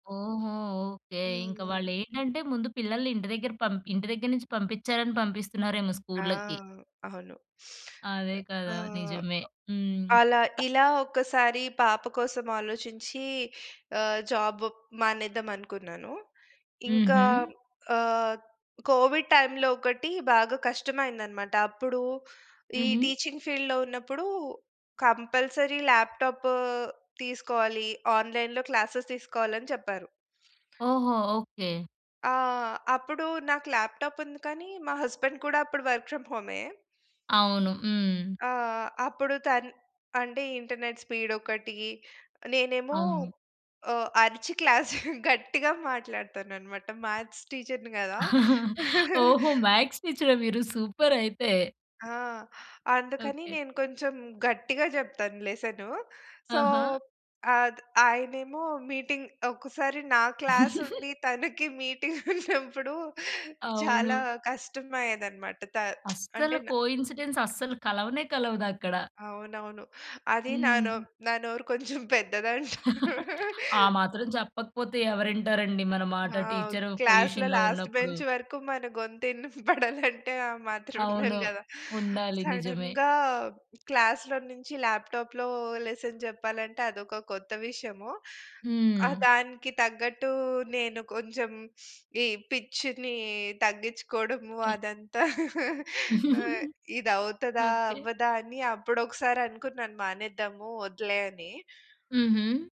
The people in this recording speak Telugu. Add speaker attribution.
Speaker 1: ఓహో! ఓకే. ఇంక వాళ్ళు
Speaker 2: హ్మ్.
Speaker 1: ఏంటంటే ముందు పిల్లల్ని ఇంటి దగ్గర పం ఇంటి దగ్గర నుంచి పంపించారని పంపిస్తున్నారేమో
Speaker 2: ఆ!
Speaker 1: స్కూల్‌లకి.
Speaker 2: అవును.
Speaker 1: అదే కదా!
Speaker 2: ఆహ్,
Speaker 1: నిజమే. హ్మ్.
Speaker 2: అలా
Speaker 1: క
Speaker 2: ఇలా ఒకసారి పాప కోసం ఆలోచించి ఆహ్, జాబ్ మానేద్దామనుకున్నాను. ఇంకా
Speaker 1: హుహు.
Speaker 2: ఆహ్, కోవిడ్ టైమ్‌లో ఒకటి బాగా కష్టమైందన్నమాట. అప్పుడు ఈ
Speaker 1: హుహు.
Speaker 2: టీచింగ్ ఫీల్డ్‌లో ఉన్నప్పుడు కంపల్సరీ ల్యాప్‌టాప్ తీసుకోవాలి. ఆన్‌లైన్‌లో క్లాసెస్ తీసుకోవాలని చెప్పారు.
Speaker 1: ఓహో! ఓకే.
Speaker 2: ఆ! అప్పుడు నాకు ల్యాప్‌టాప్ ఉంది కాని మా హస్బెండ్ కూడా అప్పుడు వర్క్ ఫ్రమ్ హోమే.
Speaker 1: అవును. హ్మ్.
Speaker 2: ఆహ్, అప్పుడు తన్ అంటే ఇంటర్నెట్ స్పీడ్ ఒకటి, నేనేమో
Speaker 1: అవును.
Speaker 2: ఓహ్! అరిచి క్లాస్ గట్టిగా మాట్లాడుతానన్నమాట, మ్యాథ్స్ టీచర్‌ని కదా!
Speaker 1: ఓహో! మ్యాథ్స్ టీచరా మీరు సూపర్ అయితే!
Speaker 2: ఆ! అందుకని
Speaker 1: ఓకే.
Speaker 2: నేను కొంచెం గట్టిగా చెప్తాను లెసను. సో,
Speaker 1: ఆహా!
Speaker 2: ఆద్ ఆయనేమో మీటింగ్ ఒక్కసారి నా క్లాస్ ఉండి తనకి మీటింగ్ ఉన్నప్పుడు చాలా
Speaker 1: అవును.
Speaker 2: కష్టం అయ్యేదన్నమాట! త
Speaker 1: అస్సలు
Speaker 2: అంటే నా
Speaker 1: కోయిన్సిడెన్స్ అస్సలు కలవనే కలవదక్కడ.
Speaker 2: అవునవును. అది నా నో
Speaker 1: హ్మ్.
Speaker 2: నా నోరు కొంచెం పెద్దది అంటరు.
Speaker 1: ఆ మాత్రం చెప్పకపోతే ఎవరు వింటారండి మన మాట.
Speaker 2: ఆ!
Speaker 1: టీచరు
Speaker 2: క్లాస్‌లో
Speaker 1: పొజిషన్‌లో ఉన్నప్పుడు.
Speaker 2: లాస్ట్‌బెంచ్ వరకు మన గొంతు వినపడాలంటే ఆ మాత్రం ఉండాలి
Speaker 1: అవును.
Speaker 2: కదా!
Speaker 1: ఉండాలి నిజమే.
Speaker 2: సడెన్‌గా క్లాస్‌లో నుంచి ల్యాప్‌టాప్‌లో లెసన్ చెప్పాలంటే అదొక కొత్త విషయము. ఆహ్,
Speaker 1: హ్మ్.
Speaker 2: దానికి తగ్గట్టు నేను కొంచెం ఈ పిచ్‌ని తగ్గించుకోవడము
Speaker 1: హ్మ్.
Speaker 2: అదంతా, ఆహ్, ఇది అవుతదా,
Speaker 1: ఓకే.
Speaker 2: అవ్వదా అని అప్పుడోకసారి అనుకున్నాను మానేద్దాము, వద్దులే అని.
Speaker 1: హుహు.